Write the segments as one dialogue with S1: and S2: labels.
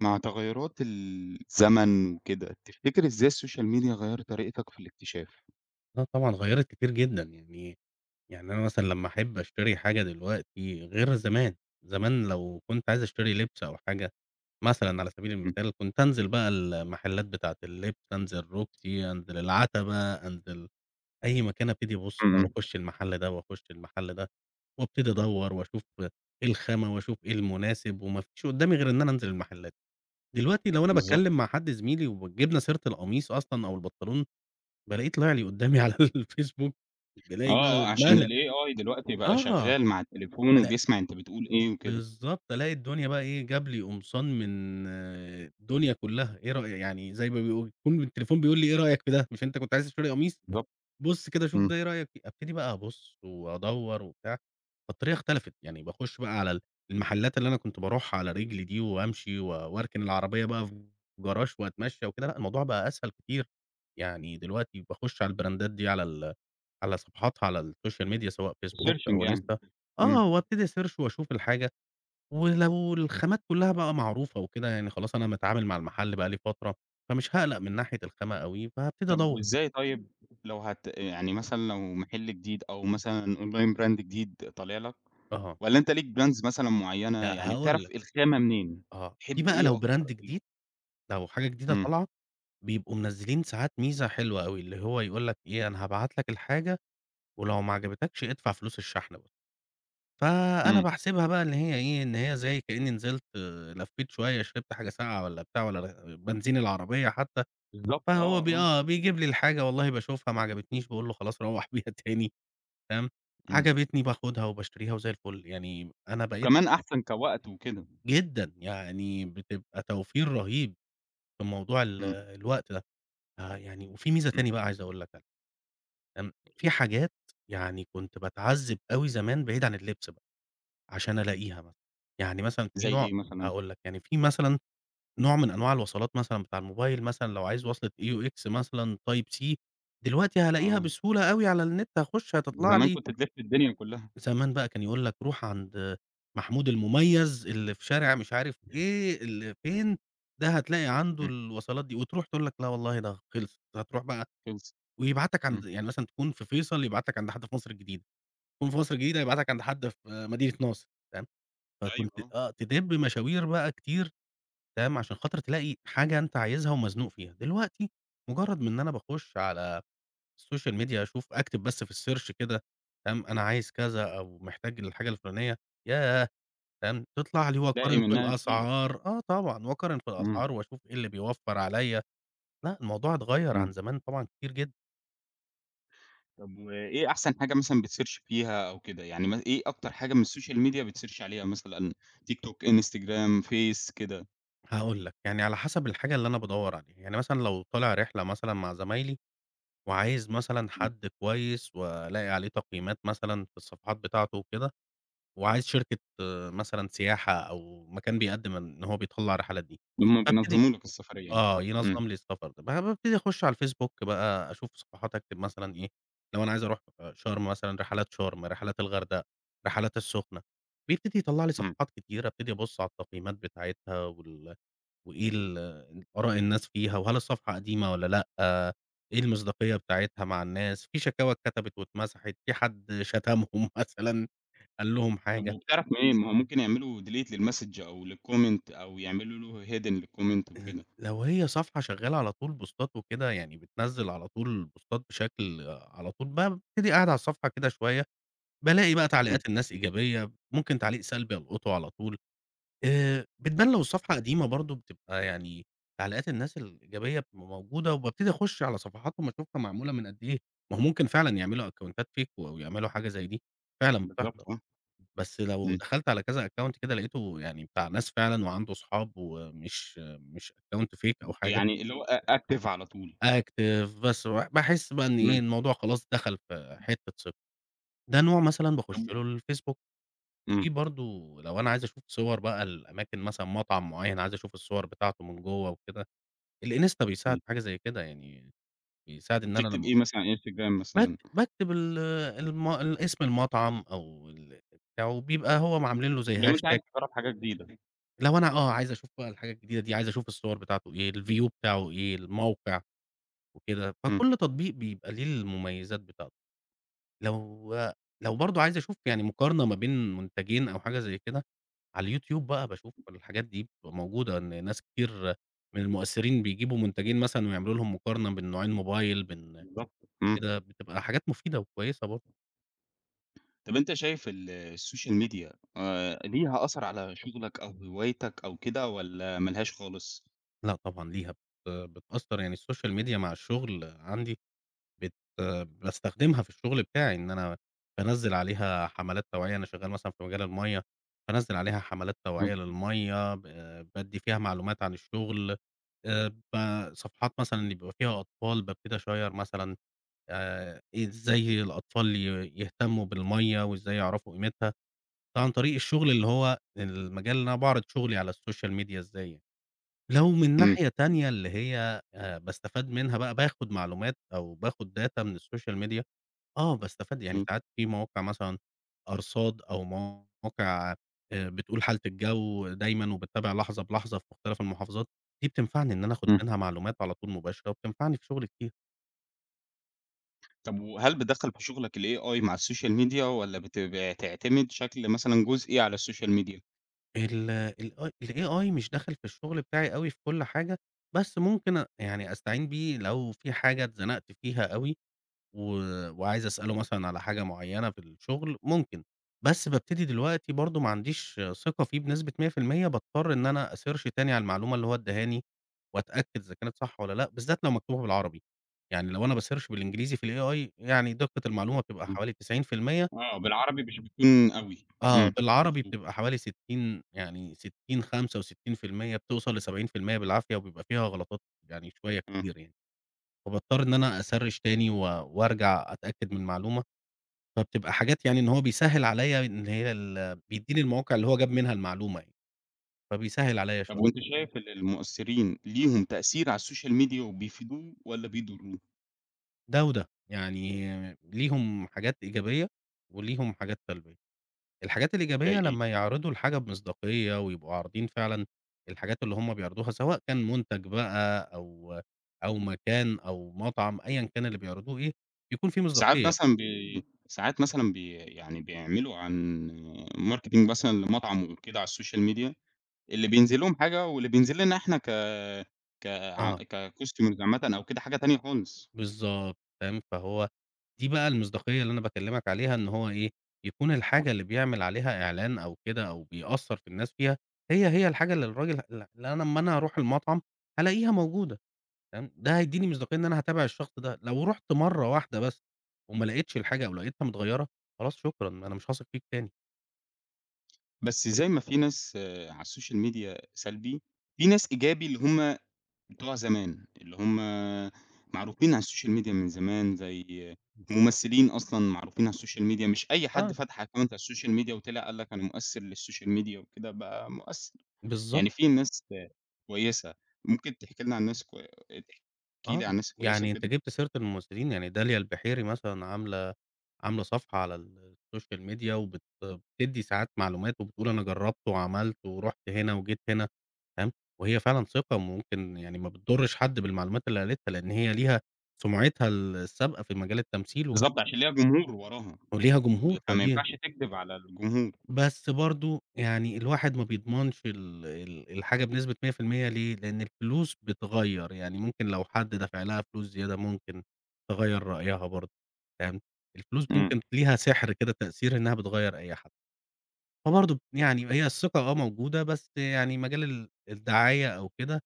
S1: مع تغيرات ال الزمن وكده، تفتكر إزاي الsocial media غيرت طريقتك في الاكتشاف؟
S2: آه طبعًا، غيرت كتير جدًا يعني يعني أنا مثلًا لما أحب أشتري حاجة دلوقتي غير زمان. زمان لو كنت عايز أشتري لبس أو حاجة مثلًا، على سبيل
S1: إمم.
S2: المثال، كنت أنزل بقى المحلات بتاعة اللبس، أنزل روكسي، أنزل العتبة، أنزل أي مكان، أبتدي أبص أو
S1: إمم.
S2: أخش المحل ده وأخش المحل ده، وأبتدي أدور وأشوف إيه الخامة وأشوف إيه المناسب، وما فيش قدامي غير إن أنا أنزل المحلات. دلوقتي لو أنا
S1: بالضبط.
S2: باتكلم مع حد زميلي وجبنا سيرة القميص أصلًا أو البنطلون، بالاقيه طلع لي قدامي على الFacebook،
S1: آه،
S2: بالاقي بقى
S1: آه، عشان
S2: اتملى.
S1: الAI دلوقتي بقى
S2: آه،
S1: شغال مع التليفون،
S2: بلا
S1: وبيسمّع أنت بتقول إيه وكده.
S2: بالضبط، ألاقي الدنيا بقى إيه جاب لي قمصان من الدنيا كلها. إيه رأيك، يعني زي ما بيقولوا، يكون التليفون بيقول لي إيه رأيك في ده، مش أنت كنت عايز تشتري قميص،
S1: بالضبط،
S2: بُص كده شوف
S1: إمم.
S2: ده، إيه رأيك في. أبتدي بقى أبُص وأدور وبتاع. فالطريقة اختلفت، يعني باخش بقى على المحلات اللي أنا كنت باروحها على رجلي دي، وأمشي، و وأركن العربية بقى في جراج وأتمشى وكده، لأ، الموضوع بقى أسهل كتير. يعني دلوقتي باخش على الbrandات دي، على ال على صفحاتها على الSocial Media، سواء Facebook
S1: الSearching
S2: أو
S1: يعني،
S2: Insta، آه،
S1: إمم.
S2: وأبتدي أسيرش وأشوف الحاجة. ولو الخامات كلها بقى معروفة وكده، يعني خلاص أنا متعامل مع المحل بقى لي فترة، فمش هاقلق من ناحية الخامة أوي،
S1: طَب
S2: فهابتدي.
S1: وإزاي طيب لو هت يعني مثلًا لو محل جديد أو مثلًا online brand جديد طالع لك،
S2: آه.
S1: والّا أنت ليك brands مثلًا معينة
S2: لأ،
S1: يعني
S2: هاقول
S1: بتعرف
S2: لك.
S1: الخامة منين،
S2: آه، دي
S1: تحب
S2: بقى
S1: إيه
S2: لو brand
S1: أكتر؟
S2: جديد، لو حاجة جديدة
S1: إمم.
S2: طالعة، بيبقوا منزلين ساعات ميزة حلوة أوي، اللي هو يقول لك أنا هابعت لك الحاجة، ولو معجبتكش ادفع فلوس الشحن بس. فأنا
S1: إمم.
S2: باحسبها بقى اللي هي إيه، اللي هي زي كأني نزلت، لفيت شوية، شربت حاجة ساقعة والّا بتاع، والّا بنزين العربية حتى.
S1: بالضبط،
S2: فهو
S1: آه،
S2: ب
S1: آه.
S2: آه، بيجيب لي الحاجة، والله باشوفها، معجبتنيش، باقول له خلاص، روح بيها تاني. تمام.
S1: إمم.
S2: عجبتني، باخدها وباشتريها، وزي الفل. يعني أنا بقيت.
S1: وكمان أحسن كوقت وكده.
S2: جدًا، يعني بتبقى توفير رهيب في موضوع ال
S1: إمم.
S2: الوقت ده. آه، يعني، وفي ميزة
S1: إمم.
S2: تاني بقى عايز أقول لك عليها. امم، في حاجات يعني كنت باتعذب أوي زمان، بعيد عن اللبس بقى، عشان ألاقيها مثلًا. يعني مثلًا في
S1: زي
S2: نوع،
S1: إيه مثلًا؟
S2: هأقول لك، يعني في مثلًا نوع من أنواع الوصلات مثلًا بتاع الموبايل، مثلًا لو عايز وصلة AUX مثلًا Type C، دلوقتي هلاقيها
S1: آه.
S2: بسهولة أوي على النت، هاخش هتطلع
S1: زمان
S2: لي.
S1: كنت بتلف الدنيا كلها.
S2: زمان بقى كان يقول لك: "روح عند محمود المميز اللي في شارع مش عارف إيه، اللي فين، ده هتلاقي عنده
S1: إمم.
S2: الوصلات دي." وتروح تقول لك: "لأ والله، ده خلص." هتروح بقى،
S1: خلصت،
S2: ويبعتك عند،
S1: إمم.
S2: يعني مثلًا تكون في فيصل، يبعتك عند حد في مصر الجديدة. تكون في مصر الجديدة، يبعتك عند حد في مدينة نصر. تمام.
S1: أيوه
S2: فكنت،
S1: آه.
S2: آه، تدب مشاوير بقى كتير، تمام، عشان خاطر تلاقي حاجة أنت عايزها ومزنوق فيها. دلوقتي، مجرد إن أنا باخش على الSocial Media، أشوف، أكتب بس في الSearch كده، تمام، أنا عايز كذا أو محتاج الحاجة الفلانية، ياه، تمام، تطلع لي.
S1: تلاقي
S2: وأقارن في
S1: منها كتير.
S2: الأسعار، آه طبعًا، وأقارن في
S1: إمم.
S2: الأسعار وأشوف إيه اللي بيوفر عليَّ لأ، الموضوع اتغير عن
S1: إمم.
S2: زمان طبعًا كتير جدًا.
S1: طَب وإيه أحسن حاجة مثلًا بتsearch فيها أو كده يعني مثلًا إيه أكتر حاجة من الSocial Media بتsearch عليها مثلًا؟ TikTok ،Instagram ،Face كده؟
S2: هاقول لك، يعني على حسب الحاجة اللي أنا بادور عليها، يعني مثلًا لو طالع رحلة مثلًا مع زمايلي وعايز مثلًا
S1: امم.
S2: حد كويس وألاقي عليه تقييمات مثلًا في الصفحات بتاعته وكده، وعايز شركة مثلًا سياحة أو مكان بيقدم إن هو بيطلّع الرحلات دي
S1: لما
S2: هابتدي
S1: بينظموا لك السفرية يعني،
S2: آه
S1: امم.
S2: ينظم لي السفر، ب بابتدي أخش على Facebook بقى أشوف صفحات أكتب مثلًا إيه، لو أنا عايز أروح أ شرم مثلًا، رحلات شرم، رحلات الغردقة، رحلات السخنة، بيبتدي يطلع لي
S1: امم.
S2: صفحات كتيرة أبتدي أبُص على التقييمات بتاعتها وال وإيه ال آراء الناس فيها؟ وهل الصفحة قديمة والّا لأ؟ آآ إيه المصداقية بتاعتها مع الناس؟ في شكاوى اتكتبت واتمسحت؟ في حد شتمهم مثلًا؟ قال لهم
S1: طَب
S2: حاجة؟
S1: وبتعرف منين؟ ما هو ممكن يعملوا delete للmessage أو للcomment أو يعملوا له hidden للcomment
S2: ال
S1: وكده.
S2: لو هي صفحة شغالة على طول بوستات وكده يعني بتنزّل على طول بوستات بشكل على طول بابتدي أقعد على الصفحة كده شوية بالاقي بقى
S1: امم.
S2: تعليقات الناس إيجابية، ممكن تعليق سلبي ألقطه على طول، آآ بتبان لو الصفحة قديمة برضه بتبقى يعني تعليقات الناس الإيجابية بتبقى موجودة، وبابتدي أخش على صفحاتهم أشوفها معمولة من قد إيه، ما هو ممكن فعلًا يعملوا أكونتات fake أو يعملوا حاجة زي دي، فعلًا
S1: بالضبط
S2: بتحصل
S1: آه.
S2: بس لو
S1: امم.
S2: دخلت على كذا account كده لقيته يعني بتاع ناس فعلًا وعنده صحاب ومش مش account fake أو حاجة.
S1: يعني اللي هو أ active على طول.
S2: active بس وباحس بقى إن إيه،
S1: امم.
S2: الموضوع خلاص دخل في حِتّة ثقة، ده نوع مثلًا باخش
S1: طًب و
S2: له، الFacebook، في
S1: امم.
S2: برضه لو أنا عايز أشوف صور بقى لأماكن مثلًا، مطعم معين عايز أشوف الصور بتاعته من جوّة وكده، الInsta بيساعد
S1: امم.
S2: في حاجة زي كده يعني بيساعد إن أنا
S1: بتكتب
S2: لما
S1: إيه مثلًا على الInstagram
S2: باكت
S1: مثلًا؟
S2: باكتب ال المو اسم المطعم أو ال بتاعه بيبقى هوعاملين له زي
S1: لو أنت
S2: hashtag
S1: عايز تجرب حاجة جديدة.
S2: لو أنا، آه، عايز أشوف بقى الحاجة الجديدة دي، عايز أشوف الصور بتاعته، إيه الview بتاعه، إيه الموقع وكده،
S1: إمم.
S2: فكل تطبيق بيبقى ليه المميزات بتاعته. لو لو برضو عايز أشوف يعني مقارنة ما بين منتجين أو حاجة زي كده، على الYouTube بقى باشوف الحاجات دي، بتبقى موجودة، إن ناس كتير من المؤثرين بيجيبوا منتجين مثلًا ويعملوا لهُم مقارنة بين نوعين موبايل، بين
S1: بالضبط، إمم.
S2: كده، بتبقى حاجات مفيدة وكويسة برضو.
S1: طَب أنت شايف ال الsocial media، آآ، ليها أثر على شغلك أو هوايتك أو كده، والّا ملهاش خالص؟
S2: لأ طبعًا ليها بت بتأثر، يعني الSocial Media مع الشغل عندي، بت باستخدمها في الشغل بتاعي، إن أنا بانزل عليها حملات توعية. أنا شغال مثلًا في مجال المَيّة، بانزل عليها حملات توعية
S1: إمم، إمم.
S2: للمَيّة، ب بادي فيها معلومات عن الشغل. آآ، ب صفحات مثلًا اللي بيبقى فيها أطفال، بابتدي أشير مثلًا آآ، إزاي الأطفال ي يهتموا بالمَيّة، وإزاي يعرفوا قيمتها. عن طريق الشغل، اللي هو المجال اللي أنا باعرض شغلي على الSocial Media. إزاي لو من
S1: إمم.
S2: ناحية
S1: [unintelligible]
S2: تانية، اللي هي آآ، باستفاد منها بقى، باخد معلومات أو باخد data من الSocial Media. آه، باستفاد. يعني
S1: إمم.
S2: ساعات في مواقع مثلًا أرصاد، أو مواقع آآ، بتقول حالة الجو دايمًا، وباتابع لحظة بلحظة في مختلف المحافظات. دي بتنفعني إن أنا أخد
S1: إمم.
S2: منها معلومات على طول مباشرة، وبتنفعني في شغلي كتير.
S1: طب وهل بتدخّل في شغلك الAI مع الsocial media، والّا بتعتمد شكل مثلًا جزئي على الsocial media؟
S2: ال ال الAI مش دخل في الشغل بتاعي أوي في كل حاجة، بس ممكن، آآ، يعني أستعين بيه لو فيه حاجة اتزنقت فيها أوي، و وعايز أسأله مثلًا على حاجة معينة في الشغل، ممكن. بس بابتدي دلوقتي برضو معنديش ثقة فيه بنسبة 100%، باضطر إن أنا أsearch تاني على المعلومة اللي هو اداهاني، وأتأكد إذا كانت صح والّا لأ، بالذات لو مكتوبة بالعربي. يعني لو أنا بsearch بالإنجليزي في الAI يعني دقة المعلومة بتبقى
S1: امم،
S2: حوالي 90%.
S1: آه، بالعربي مش بيكون أوي،
S2: آه،
S1: امم،
S2: بالعربي
S1: مضبوط.
S2: بتبقى حوالي 60، يعني 60، 65%، بتوصل ل70% بالعافية، وبيبقى فيها غلطات يعني شوية
S1: امم.
S2: كتير يعني. فباضطر إن أنا أsearch تاني و، وارجع أتأكد من معلومة. فبتبقى حاجات يعني إن هو بيسهل عليا إن هي ال بيديني المواقع اللي هو جاب منها المعلومة يعني، فبيسهل عليا
S1: طب
S2: شوية.
S1: وأنت شايف إن المؤثرين ليهم تأثير على الsocial media وبيفيدوهم والّا بيضروهم؟
S2: ده وده، يعني ليهم حاجات إيجابية وليهم حاجات سلبية. الحاجات الإيجابية
S1: زي إيه؟
S2: لما يعرضوا الحاجة بمصداقية، ويبقوا عارضين فعلًا الحاجات اللي هم بيعرضوها، سواء كان منتج بقى أو أو مكان أو مطعم، أيًا كان اللي بيعرضوه إيه، بيكون فيه
S1: ساعات
S2: مصداقية.
S1: مثلًا بي ساعات مثلًا بي يعني بيعملوا عن marketing مثلًا لمطعم وكده على الsocial media، اللي بينزل لهم حاجة، واللي بينزل لنا احنا ك ك
S2: آه.
S1: كcustomer عامةً أو كده حاجة تانية خالص.
S2: بالضبط، تمام، فهو دي بقى المصداقية اللي أنا باكلمك عليها إن هو إيه؟ يكون الحاجة
S1: [unintelligible]
S2: اللي بيعمل عليها إعلان أو كده، أو بيأثر في الناس فيها، هي هي الحاجة اللي الراجل ال اللي أنا أما أنا أروح المطعم هالاقيها موجودة، تمام؟ ده هيديني مصداقية إن أنا هاتابع الشخص ده. لو رحت مرة واحدة بس، وملقتش الحاجة، أو لقيتها متغيرة، خلاص شكرًا، أنا مش هاثق فيك تاني.
S1: بس زي ما في ناس على الsocial media سلبي، في ناس إيجابي اللي هُم بتوع زمان، اللي هُم معروفين على الsocial media من زمان، زي ممثلين أصلًا معروفين على الsocial media مش أي حد
S2: آه.
S1: فتح account على الsocial media وطلع قال لك أنا مؤثر للsocial media وكده بقى مؤثر.
S2: بالضب
S1: يعني فيه ناس آآ كويسة. ممكن تحكي لنا عن ناس الكو تحكي
S2: آه،
S1: لي على الناس الكويسة
S2: يعني أنت
S1: وكده؟
S2: جبت سيرة الممثلين، يعني داليا البحيري مثلًا عاملة، عاملة صفحة على ال الsocial media وبت بتدي ساعات معلومات، وبتقول أنا جربت وعملت، ورُحت هنا وجيت هنا، تمام، وهي فعلًا ثقة، ممكن يعني ما بتضرش حد بالمعلومات اللي قالِتها، لإن هي ليها سمعتها ال السابقة في مجال التمثيل وكده.
S1: بالضبط، عشان ليها جمهور وراها،
S2: وليها جمهور، فدي
S1: فماينفعش تكدب على الجمهور..
S2: بس برضه يعني الواحد ما بيضمنش ال ال الحاجة بنسبة 100% ليه، لإن الفلوس بتغير، يعني ممكن لو حد دفع لها فلوس زيادة ممكن تغير رأيها برضه، تمام، الفلوس
S1: إمم.
S2: ممكن ليها سحر كده تأثير إنها بتغير أي حد. فبرضه يعني هي الثقة آه موجودة، بس يعني مجال ال الدعاية أو كده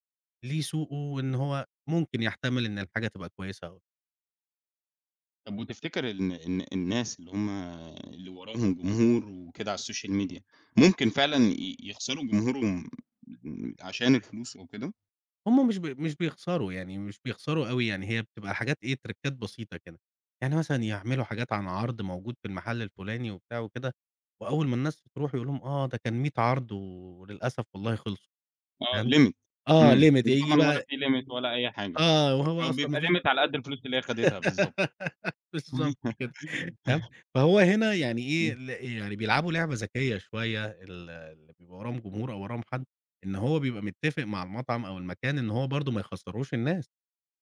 S2: ليه سوقه، وإن هو ممكن يحتمل إن الحاجة تبقى كويسة أو
S1: طَب وتفتكر الن الن الناس اللي هُم اللي وراهم جمهور وكده على الsocial media، ممكن فعلًا ي يخسَروا جمهورهم م عشان الفلوس أو كده؟
S2: هُم مش بي مش بيخسَروا يعني، مش بيخسَروا أوي يعني، هي بتبقى حاجات إيه، تريكّات بسيطة كده، يعني مثلًا يعمِلوا حاجات عن عرْض موجود في المحَل الفُلاني وبتاع وكده وأول ما الناس ترُوح يقول لهُم آه ده كان 100 عرْض و وللأسف والله خِلصوا
S1: آه
S2: فاهم،
S1: limit
S2: آه
S1: إمم،
S2: limit هييجي
S1: وطبعًا ولا
S2: بقى
S1: في limit ولا أي حاجة
S2: آه وهو
S1: أو
S2: أصلًا ما
S1: بيبقى
S2: فيش
S1: limit على قد الفلوس اللي هي خدِتها بالضبط.
S2: بالضبط كده، تمام، فهو هنا يعني إيه
S1: إمم.
S2: ال يعني بيلعبوا لعبة ذكيّة شوية، ال اللي بيبقى وراهم جمهور أو وراهم حد إن هو بيبقى متّفق مع المطعَم أو المكان إن هو برضه ما يخسّروش الناس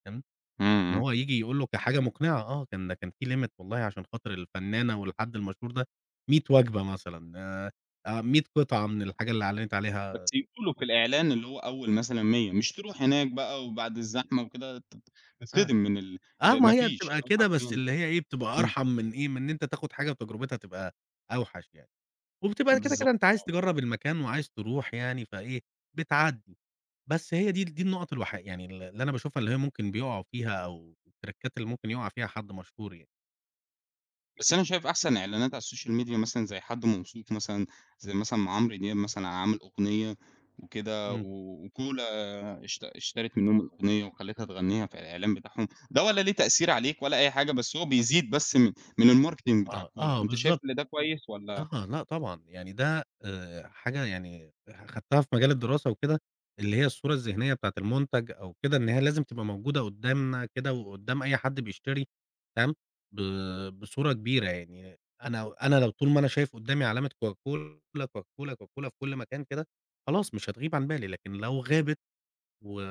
S2: تمام،
S1: إمم،
S2: إن
S1: إمم.
S2: هو ييجي يقول له كحاجة مقنِعة آه، كان كان في limit والله عشان خاطر الفنانة والحد المشهور ده 100 وجبة مثلًا آآ آآ 100 قِطعة من الحاجة اللي أعلنِت
S1: بس
S2: عليها
S1: يقولوا في الإعلان اللي هو أول مثلًا 100 مش ترُوح هناك بقى وبَعد الزحمة وكده تت
S2: آه،
S1: تتصدِم من ال
S2: آه،
S1: اللي
S2: ما
S1: ما
S2: هي
S1: فيش
S2: بتبقى
S1: إنهُم
S2: كده بس
S1: حرفيًا
S2: اللي هي إيه، بتبقى
S1: إمم.
S2: أرحَم من إيه، من إن أنت تاخد حاجة وتجرُبتها تبقى أوحش يعني، وبتبقى يا كده، كده
S1: بالضبط،
S2: أنت عايز
S1: آه.
S2: تجرّب المكان وعايز ترُوح يعني، فإيه، بتعدّي، بس هي دي ال دي النقط الوحي يعني ال اللي أنا باشوفها اللي هي ممكن بيقَعوا فيها أو التريكّات اللي ممكن يُقع فيها حد مشهور يعني.
S1: بس أنا شايف أحسَن إعلانات على الsocial media مثلًا زي حد موثوق مثلًا، زي مثلًا ما عمرو دياب مثلًا عامل أغنية وكده، و
S2: امم.
S1: و cola اشت اشترِت منهم الأغنية وخلّتها تغنّيها في الإعلان بتاعهم، ده ولا ليه تأثير عليك ولا أي حاجة، بس هو بيزيد بس م من الmarketing بتاع
S2: آه،
S1: cola.
S2: آه،
S1: أنت شايف
S2: بالضبط.
S1: إن ده كويس والّا؟
S2: آه، لأ، طبعًا، يعني ده، آآ حاجة يعني أخَدتها في مجال الدراسة وكده، اللي هي الصورة الذهنية بتاعة المنتَج أو كده، إن هي لازم تبقى موجودة قُدّامنا كده، وقُدّام أي حد بيشتري، تمام، ب بصورة كبيرة يعني، أنا أنا لو طُول ما أنا شايف قُدّامي علامة Coca Cola، Coca Cola، Coca Cola في كلّ مكان كده، خلاص مش هتغيب عن بالي، لكن لو غابت، و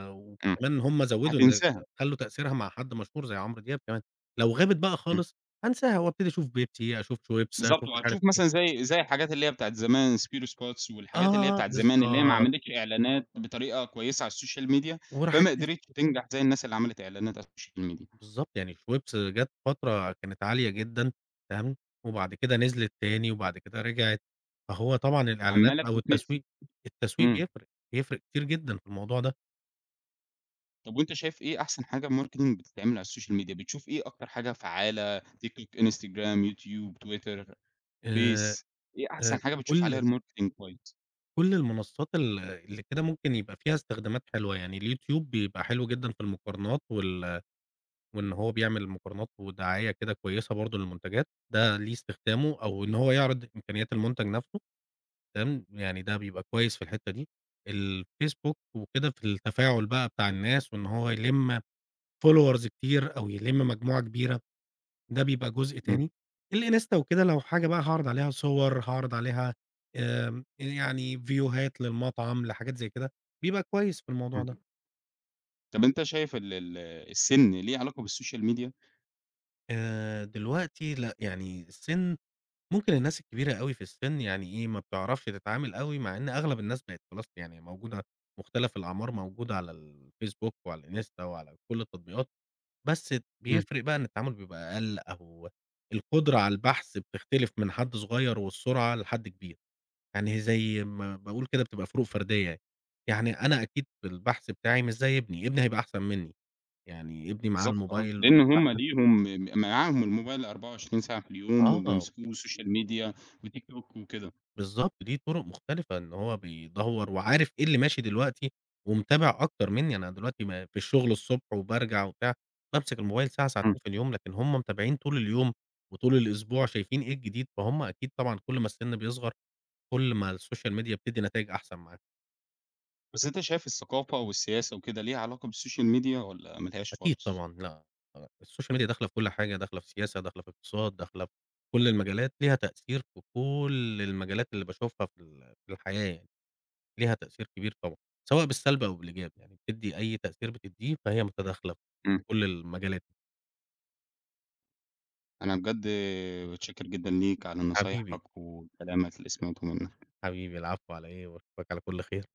S1: امم.
S2: وكمان هم زوّدوا إن خ
S1: هتنساها.
S2: خلّوا تأثيرها مع حد مشهور زي عمرو دياب كمان، لو غابت بقى
S1: امم.
S2: خالص، هانساها، وأبتدي أشوف Pepsi، أشوف شويبس،
S1: بالضبط،
S2: أشوف مش عارف
S1: وهتشوف
S2: إيه.
S1: مثلًا زي زي الحاجات اللي هي بتاعة زمان، سبيرو سباتس، والحاجات اللي هي
S2: آه،
S1: بتاعة زمان، اللي هي ما
S2: بالضبط.
S1: عملِتش إعلانات بطريقة كويسة على الsocial media
S2: وراحت
S1: فما
S2: نس
S1: قدرِتش تنجَح زي الناس اللي عملِت إعلانات على الsocial media
S2: بالضبط، يعني شويبس جات فترة كانت عالية جدًا، تمام، وبَعد كده نزلِت تاني، وبعد كده رجعِت. فهو طبعًا الإعلانات
S1: عمّالة
S2: أو
S1: بتتنسي.
S2: التسويق، التسويق
S1: امم.
S2: بيفرِق، بيفرِق كتير جدًا في الموضوع ده.
S1: طَب وأنت شايف إيه أحسن حاجة Marketing بتتعمل على الSocial Media؟ بتشوف إيه أكتر حاجة فعالة TikTok، Instagram، YouTube، Twitter،
S2: آآ،
S1: Face، إيه أحسن
S2: آآ،
S1: حاجة بتشوف عليها
S2: كل
S1: Marketing كويس؟
S2: كل المنصات ال اللي كده ممكن يبقى فيها استخدامات حلوة يعني، الYouTube بيبقى حلو جدًا في المقارنات، وال وإن هو بيعمل مقارنات ودعاية كده كويسة برضو للمنتجات، ده ليه استخدامه، أو إن هو يعرض إمكانيات المنتج نفْسه، تمام؟ يعني ده
S1: [unintelligible]
S2: بيبقى كويس في الحتّة دي. الFacebook وكده في التفاعل بقى بتاع الناس، وإن هو يلم Followers كتير، أو يلم مجموعة كبيرة، ده بيبقى جزء
S1: امم.
S2: تاني. الInsta وكده لو حاجة بقى هاعرض عليها صور، هاعرض عليها، آآ، يعني فيوهات للمطعم، لحاجات زي كده، بيبقى كويس في الموضوع ده.
S1: امم. طَب أنت شايف ال ال السن ليه علاقة بالSocial Media؟
S2: آآ دلوقتي لأ، يعني السن، ممكن الناس الكبيرة أوي في السن يعني إيه، ما بتعرفش تتعامل أوي، مع إن أغلب الناس بقت خلاص يعني موجودة، مختلف الأعمار موجودة على الFacebook وعلى الInsta وعلى كل التطبيقات، بس ت
S1: امم.
S2: بيفرق بقى إن التعامل بيبقى أقل، أو القدرة على البحث بتختلف من حد صغير والسرعة لحد كبير. يعني زي ما باقول كده بتبقى فروق فردية يعني، يعني أنا أكيد في البحث بتاعي مش زي ابني، ابني هيبقى أحسن منِّي، يعني ابني معاه
S1: بالضبط، آه.
S2: الموبيل
S1: لأن
S2: وبيبقى
S1: هم
S2: أحسن.
S1: ليهم معاهم الموبيل 24 ساعة في اليوم،
S2: آه.
S1: وبيمسكوه Social Media وTikTok وكده.
S2: بالضبط، دي طرق مختلفة إن هو بيدوّر، وعارف إيه اللي ماشي دلوقتي، ومتابع أكتر منِّي، أنا دلوقتي ما في الشغل الصبح وبارجع وبتاع، بامسك الموبيل ساعة ساعتين
S1: امم.
S2: في اليوم، لكن هم متابعين طول اليوم، وطول الأسبوع، شايفين إيه الجديد، فهم أكيد طبعًا كل ما السن بيصغر، كل ما الSocial Media بتدِّي نتايج أحسن معاك.
S1: بس أنت شايف الثقافة والسياسة وكده ليها علاقة بالSocial Media والّا ما لهاش
S2: أكيد
S1: خالص؟
S2: طبعًا، لأ، آه، الSocial Media داخلة في كل حاجة، داخلة في سياسة، داخلة في اقتصاد، داخلة في كل المجالات، ليها تأثير في كل المجالات اللي باشوفها في ال في الحياة يعني، ليها تأثير كبير طبعًا، سواء بالسلب أو بالإيجاب يعني، بتدِّي أي تأثير بتديه، فهي متداخلة في
S1: امم.
S2: كل المجالات.
S1: أنا بجد متشكر جدًا ليك على
S2: حبيبي.
S1: نصايحك وكلامك اللي سمعته منك.
S2: حبيبي العفو على إيه؟ وأشوفك على كل خير.